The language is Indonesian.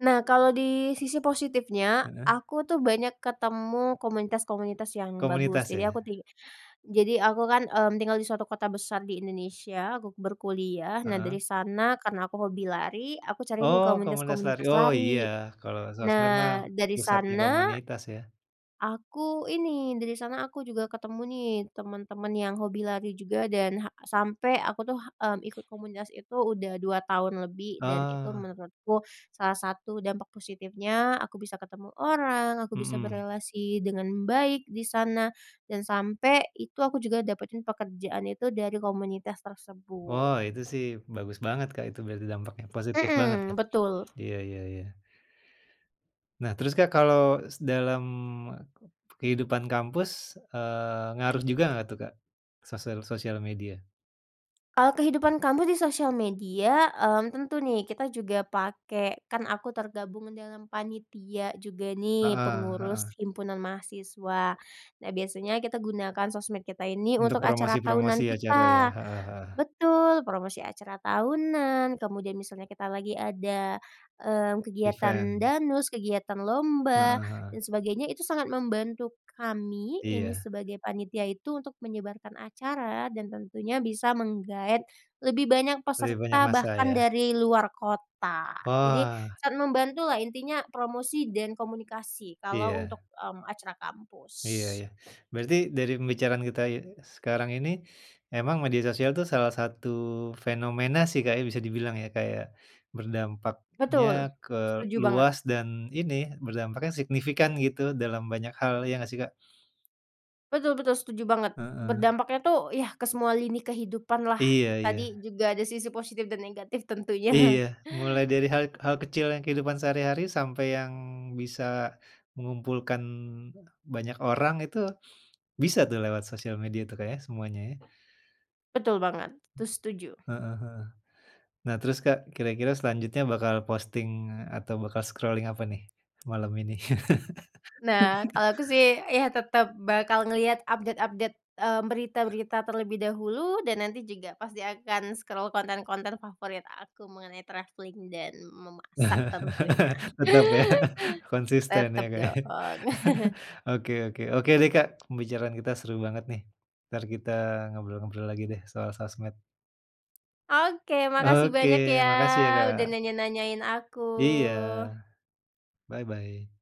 Nah kalau di sisi positifnya, Heeh. aku tuh banyak ketemu komunitas-komunitas yang bagus, Komunitas jadi aku ya? ti jadi aku kan, mmm, tinggal di suatu kota besar di Indonesia, aku berkuliah. Nah Heeh. dari sana, karena aku hobi lari, aku cari nih Oh komunitas lari, komunitas-komunitas oh iya, lari. kalau sosmed mah, Nah, dari pusatnya sana, komunitas ya. aku ini, dari sana aku juga ketemu nih teman-teman yang hobi lari juga dan, ha sampe aku tuh, mmm, ikut komunitas itu udah 2 tahun lebih. Dan itu Oh. menurutku, salah satu dampak positifnya, aku bisa ketemu orang, aku bisa Mhm. berelasi dengan baik di sana, dan sampe itu aku juga dapetin pekerjaan itu dari komunitas Oh, tersebut. itu sih, bagus banget Kak, itu berarti dampaknya positif banget ya? Mhm, betul. Iya, ya ya. Nah terus Kak, kalau dalam, kehidupan kampus, eee, ngaruh juga nggak tuh Kak, sosial sosial media? Kalau kehidupan kampus di sosial media, mmm, tentu nih kita juga pake kan aku tergabung dalam panitia juga nih, Heeh heeh. pengurus himpunan mahasiswa. Nah, biasanya kita gunakan sosmed kita ini Untuk untuk acara tahunan promosi-promosi acara ya? kita Heeh heeh. betul, promosi acara tahunan, kemudian misalnya kita lagi ada, mmm, kegiatan Event. danus, kegiatan lomba, Heeh heeh. dan sebagainya itu sangat membantu kami, ini Iya. sebagai panitia itu untuk menyebarkan acara, dan tentunya bisa menggaet lebih banyak Lebih banyak peserta massa bahkan ya? dari luar kota. Oh, Jadi, ah. sangat membantu lah intinya promosi, dan komunikasi, kalau untuk, Iya. mmm, acara Iya kampus. ya. Berarti dari pembicaraan kita ye sekarang ini, emang media sosial tuh salah satu fenomena sih Kak ya, bisa dibilang ya Kak ya, berdampaknya Betul, ke setuju banget. luas dan ini, berdampaknya signifikan gitu dalam banyak hal. Iya nggak sih Kak? Betul betul, setuju banget. Heeh. Berdampaknya tuh, ya, ke semua lini kehidupan lah, Iya iya. tadi juga ada sisi positif dan negatif tentunya. Iya. Mulai dari hal hal kecil yang kehidupan sehari-hari sampai yang bisa, mengumpulkan banyak orang itu, bisa tuh lewat sosial media tuh Kak ya, semuanya ya. Betul banget, itu setuju. Heeh heeh. Nah, terus Kak kira-kira selanjutnya bakal posting atau bakal scrolling apa nih, malam ini? Nah, kalau aku sih, ya tetap bakal ngelihat update-update, mmm, berita-berita terlebih dahulu, dan nanti juga pasti akan scroll konten-konten favorit aku mengenai travelling, dan memasak tentunya. Tetap ya, konsisten ya Tetap Kak ya, dong. oke oke. Oke deh Kak, pembicaraan kita seru banget nih. Entar kita ngobrol-ngobrol lagi deh, soal sosmed. Oke, makasih Oke, banyak ya, makasih ya udah Kak. nanya-nanyain Iya. aku. Bye-bye.